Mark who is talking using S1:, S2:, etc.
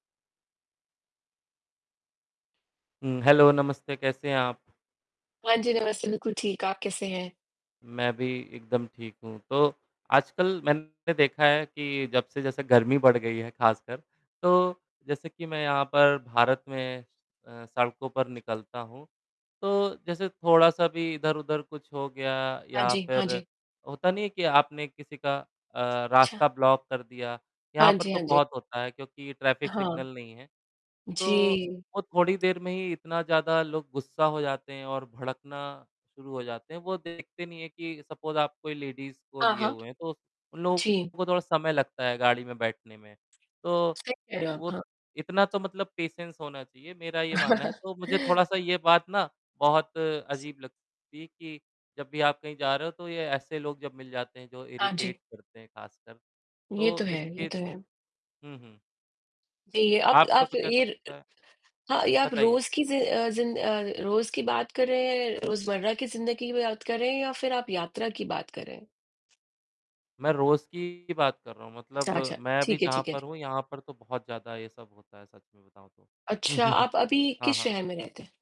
S1: हुँ, hello नमस्ते कैसे हैं आप?
S2: हाँ जी, नमस्ते, बिल्कुल ठीक है, आप कैसे हैं?
S1: मैं भी एकदम ठीक हूँ, तो आजकल मैंने देखा है कि जब से जैसे गर्मी बढ़ गई है ख़ासकर, तो जैसे कि मैं यहाँ पर भारत में अ, सड़कों पर निकलता हूँ। तो जैसे थोड़ा-सा भी इधर-उधर कुछ हो गया
S2: हाँ
S1: या
S2: जी, हाँ
S1: फिर
S2: जी।
S1: होता नहीं है कि आपने किसी का अ,
S2: अच्छा।
S1: रास्ता ब्लॉक कर दिया?
S2: हाँ
S1: यहाँ पर
S2: जी,
S1: तो
S2: हाँ जी।
S1: बहुत होता है, क्योंकि ट्रैफ़िक
S2: हाँ।
S1: सिग्नल नहीं है। तो,
S2: जी।
S1: वो थोड़ी देर में ही इतना ज़्यादा लोग गुस्सा हो जाते हैं और भड़कना शुरू हो जाते हैं, वो देखते नहीं है कि सपोज़ आप कोई लेडीज़ को
S2: हाँ,
S1: लिए
S2: हाँ।
S1: हुए हैं, तो स उन लोगों
S2: जी।
S1: को थोड़ा समय लगता है गाड़ी में बैठने में। तो,
S2: सही कह रहे हो आप,
S1: वो
S2: हाँ।
S1: इतना तो मतलब पेशेंस होना चाहिए, मेरा ये मानना है तो मुझे थोड़ा-सा ये बात ना बहुत अजीब लगती है कि जब भी आप कहीं जा रहे हो, तो ये ऐसे लोग जब मिल जाते हैं, जो
S2: हाँ जी।
S1: इरिटेट करते हैं ख़ासकर।
S2: ये तो
S1: तो
S2: है ये
S1: इसके
S2: तो है।
S1: हुँ, हुँ।
S2: जी, आप
S1: आपका
S2: आप
S1: कुछ ऐसा
S2: ये र अ,
S1: लगता है?
S2: हाँ या आप
S1: बताइए।
S2: रोज़ की ज़ि अ, ज़िन अ, रोज़ की बात कर रहें हैं, रोज़मर्रा की ज़िंदगी की बात कर रहें हैं या फिर आप यात्रा की बात कर रहें हैं?
S1: मैं रोज़ की ही बात कर रहा हूँ
S2: ता
S1: मतलब
S2: अच्छा,
S1: मैं भी
S2: ठीक है,
S1: जहाँ
S2: ठीक है। ठि
S1: पर हूँ, यहाँ पर तो बहुत ज़्यादा ये सब होता है सच में बताऊँ तो।
S2: अच्छा, आप अभी
S1: हाँ,
S2: किस
S1: हाँ।
S2: शहर में रहते हैं?